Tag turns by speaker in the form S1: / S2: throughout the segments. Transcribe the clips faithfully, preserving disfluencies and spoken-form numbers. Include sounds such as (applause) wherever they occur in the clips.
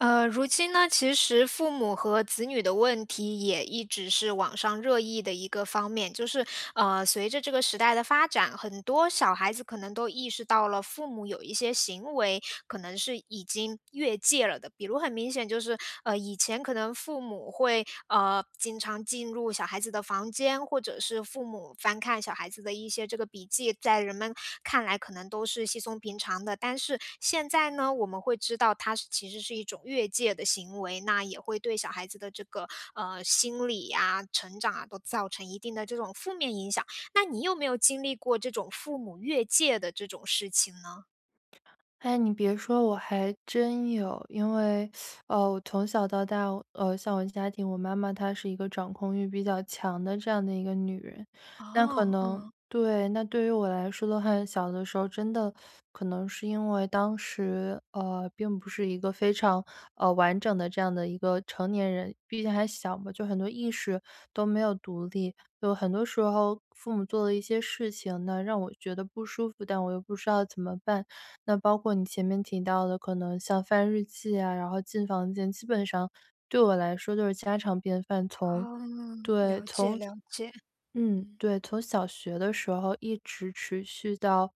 S1: 呃，如今呢，其实父母和子女的问题也一直是网上热议的一个方面。就是，呃，随着这个时代的发展，很多小孩子可能都意识到了，父母有一些行为，可能是已经越界了的。比如很明显就是，呃，以前可能父母会，呃，经常进入小孩子的房间，或者是父母翻看小孩子的一些这个笔记，在人们看来可能都是稀松平常的。但是现在呢，我们会知道它是其实是一种越界的行为，那也会对小孩子的这个，呃，心理啊、成长啊，都造成一定的这种负面影响。那你有没有经历过这种父母越界的这种事情呢？
S2: 哎，你别说，我还真有。因为，(sucks teeth) 呃，我从小到大呃，像我家庭我妈妈她是一个掌控欲比较强的这样的一个女人。那可
S1: 哦，
S2: 能
S1: 嗯。
S2: 对，那对于我来说的话，小的时候真的可能是因为当时，呃，并不是一个非常，呃，完整的这样的一个成年人。毕竟还小嘛，就很多意识都没有独立，有很多时候父母做了一些事情呢，让我觉得不舒服，但我又不知道怎么办。那包括你前面提到的，可能像翻日记啊，然后进房间，基本上对我来说都是家常便饭。从对，
S1: 哦，了解，了解。
S2: 从嗯，
S1: 嗯。
S2: 对，从小学的时候一直持续到，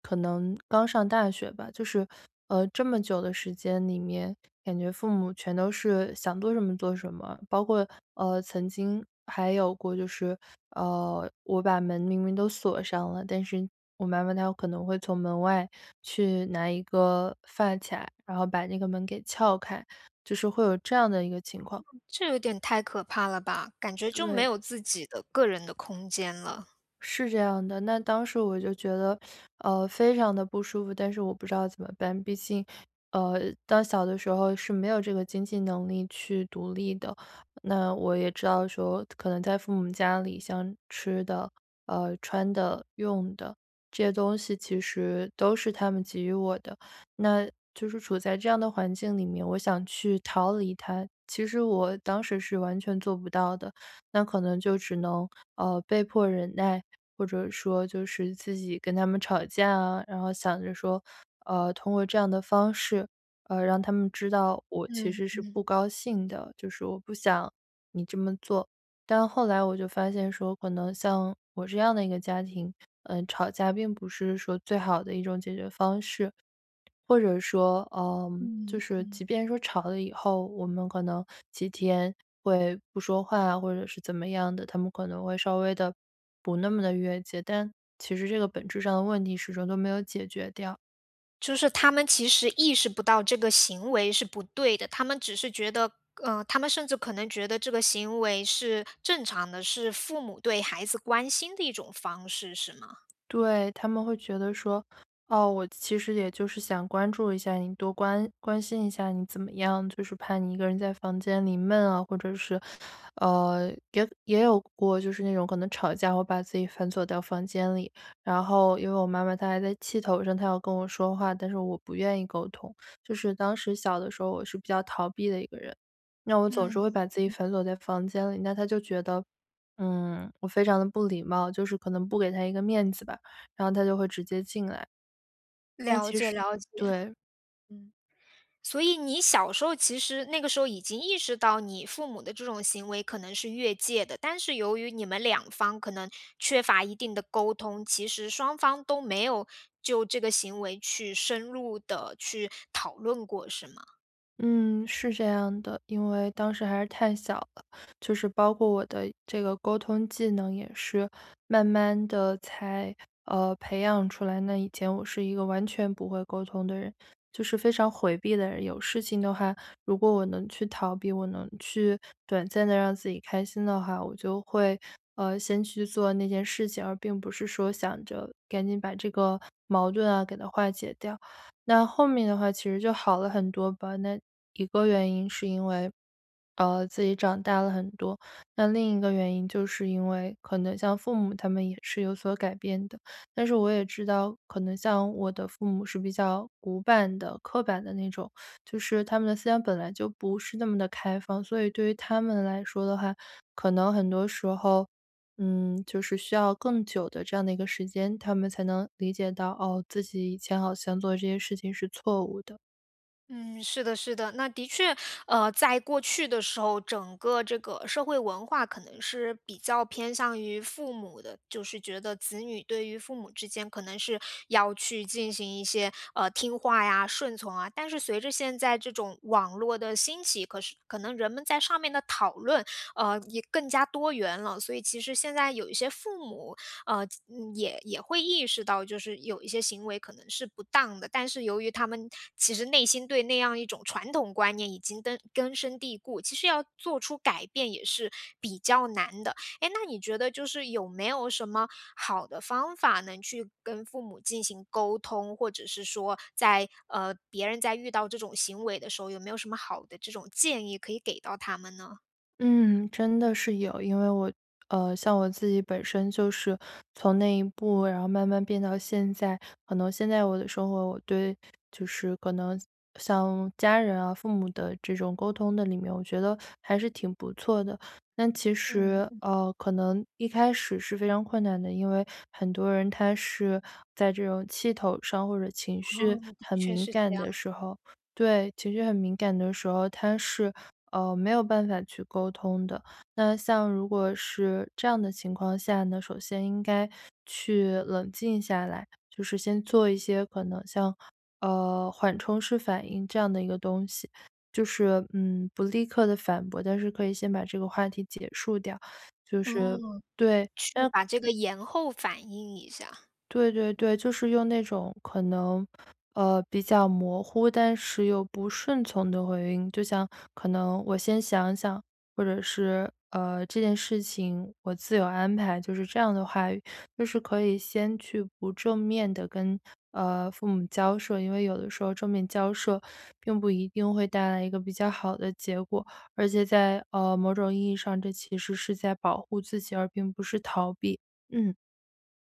S2: 可能刚上大学吧。就是，呃，这么久的时间里面，感觉父母全都是想做什么做什么，包括，呃，曾经还有过就是呃，我把门明明都锁上了，但是我妈妈她有可能会从门外去拿一个发卡，然后把那个门给撬开，就是会有这样的一个情况。
S1: 这有点太可怕了吧，感觉就没
S2: 对。
S1: 有自己的个人的空间了。
S2: 是这样的。那当时我就觉得，(sucks teeth) 呃，非常得不舒服，但是我不知道怎么办。毕竟，呃，到小的时候是没有这个经济能力去独立的，那我也知道说可能在父母家里，像吃的，呃，穿的、用的，这些东西其实都是他们给予我的。那就是处在这样的环境里面，我想去逃离它，其实我当时是完全做不到的。那可能就只能，呃，被迫忍耐，或者说就是自己跟他们吵架啊，然后想着说，呃，通过这样的方式，呃，让他们知道我其
S1: 嗯，
S2: 实是
S1: 嗯。
S2: 不高兴的，就是我不想你这么做。但后来我就发现说可能像我这样的一个家庭，呃，吵架并不是说最好的一种解决方式，或者说呃，就
S1: 嗯，
S2: 是
S1: 嗯。
S2: 即便说吵了以后，我们可能几天会不说话，或者是怎么样的，他们可能会稍微地不那么地越界，但其实这个本质上的问题始终都没有解决掉。
S1: 就是他们其实意识不到这个行为是不对的，他们只是觉得呃，他们甚至可能觉得这个行为是正常的，是父母对孩子关心的一种方式，是吗？
S2: 对，他们会觉得说，哦，“我其实也就是想关注一下你，多关关心一下你怎么样，就是怕你一个人在房间里闷啊”。或者是呃，也也有过，就是那种可能吵架会把自己反锁到房间里。然后，因为我妈妈她还在气头上，她要跟我说话，但是我不愿意沟通。就是当时小的时候我是比较逃避的一个人，那我总是会
S1: 嗯，
S2: 把自己
S1: 嗯。
S2: 反锁在房间里，那她就觉得，嗯，我非常地不礼貌，就是可能不给她一个面子吧，然后她就会直接进来。但
S1: 了
S2: 其
S1: 解，
S2: 实
S1: 了解。嗯。
S2: 对。
S1: 所以你小时候其实那个时候已经意识到你父母的这种行为可能是越界的，但是由于你们两方可能缺乏一定的沟通，其实双方都没有就这个行为去深入地去讨论过是吗？
S2: 嗯，是这样的，因为当时还是太小了。就是包括我的这个沟通技能也是慢慢地才，呃，培养出来，那以前我是一个完全不会沟通的人，就是非常回避的人。有事情的话，如果我能去逃避，我能去短暂地让自己开心的话，我就会，呃，先去做那件事情，而并不是说想着赶紧把这个矛盾啊，给它化解掉。那后面的话其实就好了很多吧，那一个原因是因为，呃，自己长大了很多，那另一个原因就是因为可能像父母他们也是有所改变的。但是我也知道，可能像我的父母是比较古板的、刻板的那种，就是他们的思想本来就不是那么地开放。所以对于他们来说的话，可能很多时候，嗯，就是需要更久的这样的一个时间，他们才能理解到，哦，自己以前好像做的这些事情是错误的。
S1: 嗯，是的是的。那的确，呃，在过去的时候，整个这个社会文化可能是比较偏向于父母的。就是觉得子女对于父母之间可能是要去进行一些，呃，听话呀、顺从啊。但是随着现在这种网络的兴起，可是可能人们在上面的讨论，呃，也更加多元了。所以其实现在有一些父母，呃，也也会意识到，就是有一些行为可能是不当的，但是由于他们其实内心对那样一种传统观念已经根根深蒂固，其实要做出改变也是比较难的。诶，那你觉得就是有没有什么好的方法能去跟父母进行沟通，或者是说在呃，别人在遇到这种行为的时候，有没有什么好的这种建议可以给到他们呢？
S2: 嗯，真的是有。因为我呃，像我自己本身就是从那一步，然后慢慢变到现在，可能现在我的生活我对就是可能像家人啊、父母的这种沟通的里面，我觉得还是挺不错的。但其
S1: 嗯，
S2: 实，
S1: 嗯。
S2: 呃，可能一开始是非常困难的，因为很多人他是在这种气头上或者情绪
S1: 哦，的
S2: 很
S1: 确
S2: 敏
S1: 是这
S2: 感
S1: 样。
S2: 的时候对，情绪很敏感的时候他是，嗯，没有办法去沟通的。那像如果是这样的情况下呢，首先应该去冷静下来，就是先做一些可能像，呃，缓冲式反应这样的一个东西，就是，嗯，不立刻地反驳，但是可以先把这个话题结束掉。就是
S1: 哦，
S2: 对，
S1: 去
S2: 嗯
S1: 把这个延后反应一下。
S2: 对对对，就是用那种可能，呃，比较模糊但是又不顺从的回应。就像可能“我先想想”或者是，呃，“这件事情我自有安排“，就是这样的话语。就是可以先去不正面地跟，呃，父母交涉，因为有的时候正面交涉 (sucks teeth) 并不一定会带来一个比较好的结果，而且在，呃，某种意义上这其实是在保护自己而并不是逃避。嗯。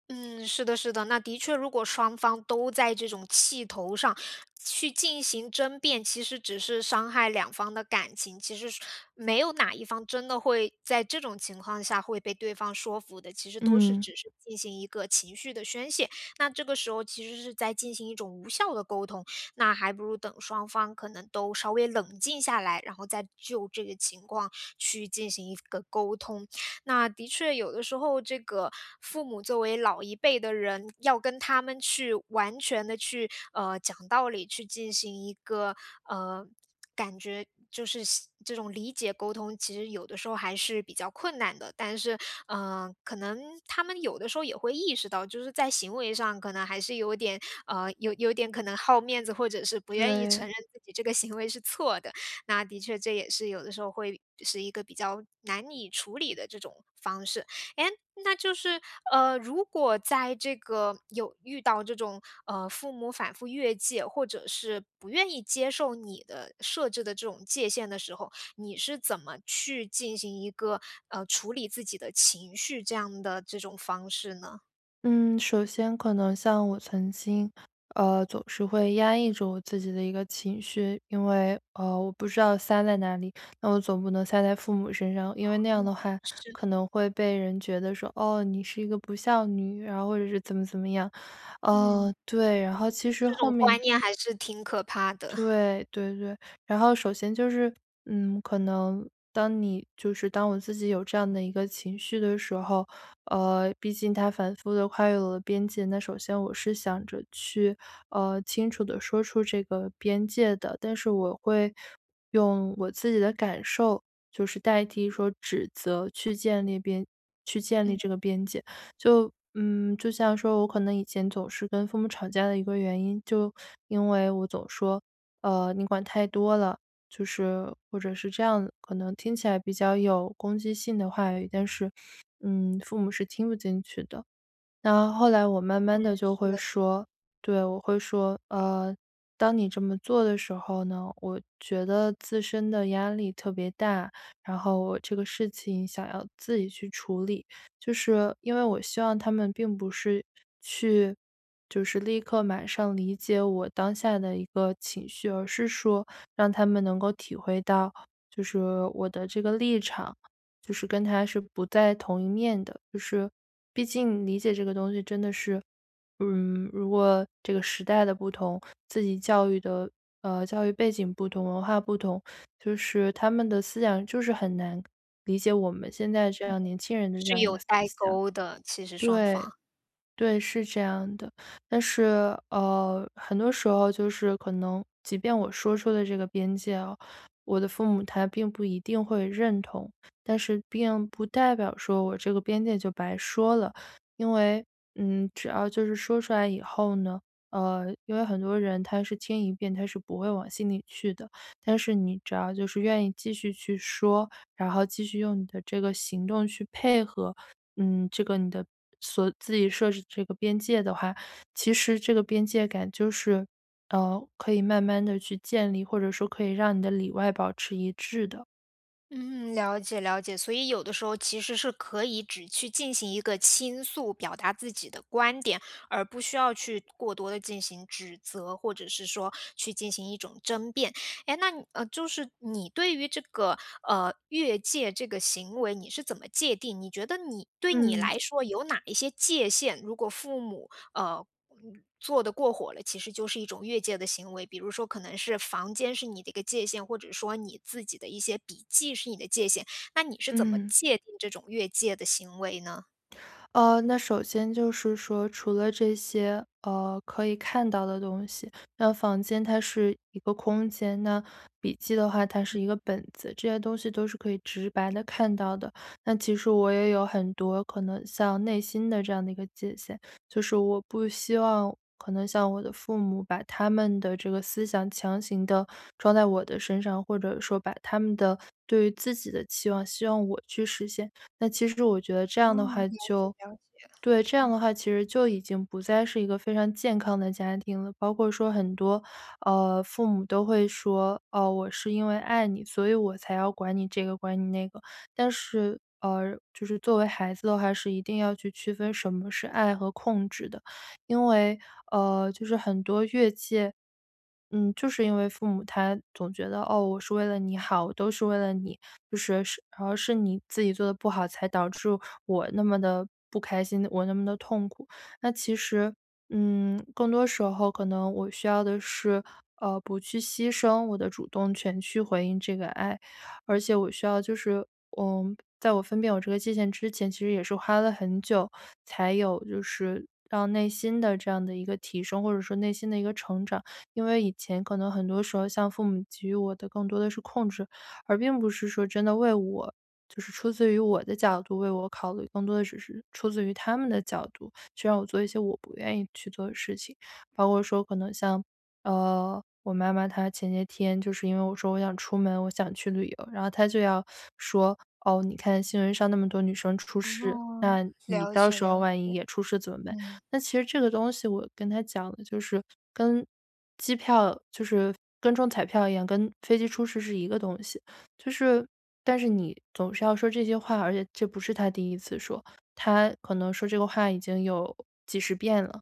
S1: 嗯，是的是的，那的确如果双方都在这种气头上，去进行争辩，其实只是伤害两方的感情。其实没有哪一方真的会在这种情况下会被对方说服的，其实都是
S2: 嗯。
S1: 只是进行一个情绪的宣泄。那这个时候其实是在进行一种无效地沟通，那还不如等双方可能都稍微冷静下来，然后再就这个情况去进行一个沟通。那的确有的时候这个父母作为老一辈的人，要跟他们去完全地去，呃，讲道理，去进行一个呃，感觉就是这种理解沟通，其实有的时候还是比较困难的，但是呃，可能他们有的时候也会意识到，就是在行为上可能还是有点呃，有有点可能好面子，或者是不愿意承
S2: 对。
S1: 认自己这个行为是错的，那的确这也是有的时候会是一个比较难以处理的这种方式。诶，那就是呃，如果在这个有遇到这种，呃，父母反复越界，或者是不愿意接受你的设置的这种界限的时候，你是怎么去进行一个，呃，处理自己的情绪这样的这种方式呢？
S2: 嗯，首先可能像我曾经，呃，总是会压抑住我自己的一个情绪，因为，呃，我不知道塞在哪里，那我总不能塞在父母身上。因为那样
S1: 啊，
S2: 的话
S1: 是
S2: 可
S1: 的。
S2: 能会被人觉得说：“哦，你是一个不孝女。”然后或者是怎么怎么样。
S1: 嗯。
S2: 呃，对，然后其实
S1: 这
S2: 后
S1: 种
S2: 面
S1: 观念还是挺可怕的。(chuckles)
S2: 对对对，然后首先就是，嗯，可能当你就是当我自己有这样的一个情绪的时候，呃，毕竟它反复地跨越了我的边界，那首先我是想着去，呃，清楚地说出这个边界的。但是我会用我自己的感受，就是代替说指责去建立边去建立
S1: 嗯。
S2: 这个边界。(inhales) 就嗯，就像说我可能以前总是跟父母吵架的一个原因就因为我总说：“呃，你管太多了。”就是或者是这样可能听起来比较有攻击性的话语，但是，嗯，父母是听不进去的。那后来我慢
S1: 嗯，
S2: 慢地就
S1: 是的是
S2: 会
S1: 的。
S2: 说对，我会说：“呃，当你这么做的时候呢，我觉得自身的压力特别大，然后我这个事情想要自己去处理。”就是因为我希望他们并不是去就是立刻马上理解我当下的一个情绪，而是说让他们能够体会到，就是我的这个立场，就是跟他是不在同一面的。就是毕竟理解这个东西真的是嗯，如果这个时代的不同，自己教育的呃，教育背景不同、文化不同，(inhales) 就是他们的思想就是很难感理解我们现在这
S1: 对。
S2: 样年轻人的这
S1: 是
S2: 样一
S1: 有
S2: 个思
S1: 代
S2: 想。
S1: 沟的，其实双
S2: 对，
S1: 方。
S2: 对，是这样的。但是，呃，很多时候就是可能，即便我说出了这个边界哦，我的父母他并不一定会认同，但是并不代表说我这个边界就白说了。因为，嗯，只要就是说出来以后呢呃，因为很多人他是听一遍他是不会往心里去的，但是你只要就是愿意继续去说，然后继续用你的这个行动去配合，嗯，这个你的所自己设置的这个边界的话，其实这个边界感就是，呃，可以慢慢地去建立，或者说可以让你的里外保持一致的。
S1: 嗯，了解了解。所以有的时候其实是可以只去进行一个倾诉，表达自己的观点，而不需要去过多地进行指责，或者是说去进行一种争辩。诶，那你就是你对于这个，呃，越界这个行为你是怎么界定？你觉得你对你
S2: 嗯。
S1: 来说有哪一些界限，如果父母，呃，做得过火了，其实就是一种越界的行为？比如说可能是房间是你的一个界限，或者说你自己的一些笔记是你的界限，那你是怎么
S2: 嗯。
S1: 界定这种越界的行为呢？
S2: 呃，那首先就是说除了这些，呃，可以看到的东西，那房间它是一个空间，那笔记的话它是一个
S1: 嗯。
S2: 本子，这些东西都是可以直白地看到的。那其实我也有很多可能像内心的这样的一个界限，就是我不希望可能像我的父母把他们的这个思想强行地装在我的身上，或者说把他们的对于自己的期望希望我去实现。那其实我觉得这
S1: 哦，
S2: 样的话
S1: 了解
S2: 就
S1: 了解。
S2: 对，这样
S1: 嗯。
S2: 的话其实就已经不再是一个非常健康的家庭了。包括说很多，呃，父母都会说：“哦，我是因为爱你，所以我才要管你这个、管你那个。”但是，呃，就是作为孩子的话，是一定要去区分什么是爱和控制的。因为，呃，就是很多越界嗯，就是因为父母他总觉得：“哦，我是为了你好，我都是为了你，就是是而是你自己做得不好，才导致我那么地不开心、我那么地痛苦。”那其实，嗯，更多时候可能我需要的是，呃，不去牺牲我的主动权去回应这个爱。而且我需要就是嗯，在我分辨我这个界限之前，其实也是花了很久，才有就是让内心的这样的一个提升，或者说内心的一个成长。因为以前可能很多时候，像父母给予我的更多的是控制，而并不是说真的为我就是出自于我的角度为我考虑，更多的只是出自于他们的角度，去让我做一些我不愿意去做的事情。包括说可能像，呃，我妈妈，她前些天就是因为我说我想出门，我想去旅游，然后她就要 (sucks teeth) 说：“哦，你看新闻上那么多女生出事，
S1: 哦，
S2: 那你
S1: 了
S2: 到
S1: 解
S2: 时候
S1: 了
S2: 万一
S1: 解。
S2: 也出事怎么办？”
S1: 嗯。
S2: 那其实这个东西我跟她讲的就是，跟机票就是跟中彩票一样，跟飞机出事是一个东西。就是但是你总是要说这些话而且这不是她第一次说，她可能说这个话已经有几十遍了，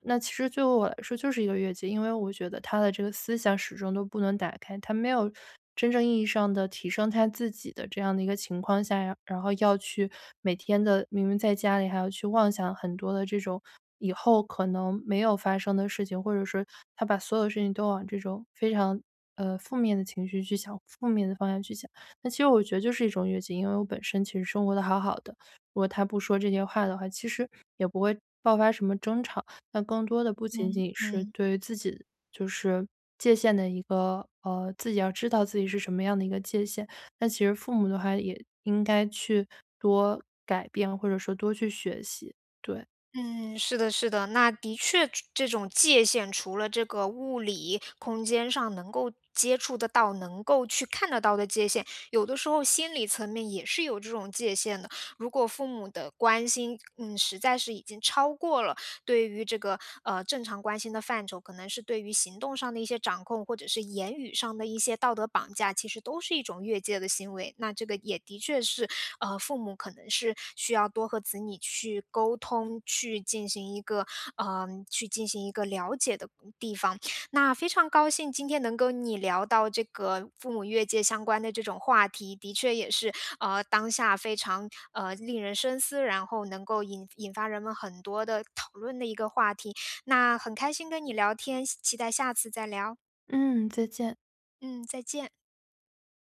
S2: 那其实作为我来说就是一个越界。因为我觉得她的这个思想始终都不能打开，她没有真正意义上的提升她自己的这样的一个情况下，然然后要去每天的明明在家里还要去妄想很多的这种以后可能没有发生的事情，或者是她把所有的事情都往这种非常，呃，负面的情绪去想、负面的方向去想。那其实我觉得就是一种越界，因为我本身其实生活得好好的，如果她不说这些话的话，其实也不会爆发什么争吵。但更多的不仅
S1: 嗯-
S2: 仅是
S1: 嗯。
S2: 对于自己就是界限的一个呃，自己要知道自己是什么样的一个界限，那其实父母的话也应该去多改变，或者说多去学习，对。
S1: 嗯，是的是的。那的确着这种界限除了这个物理空间上能够接触得到、能够去看得到的界限，有的时候心理层面也是有这种界限的。如果父母的关心，嗯，实在是已经超过了对于这个，呃，正常关心的范畴，可能是对于行动上的一些掌控，或者是言语上的一些道德绑架，其实都是一种越界的行为。那这个也的确是，呃，父母可能是需要多和子女去沟通，去进行一个，呃，去进行一个了解的嗯，地方。那非常高兴今天能跟你聊到这个父母越界相关的这种话题，的确也是，呃，当下非常，呃，令人深思，然后能够引引发人们很多的讨论的一个话题。那很开心跟你聊天，希期待下次再聊。
S2: 嗯，再见。
S1: 嗯，再见。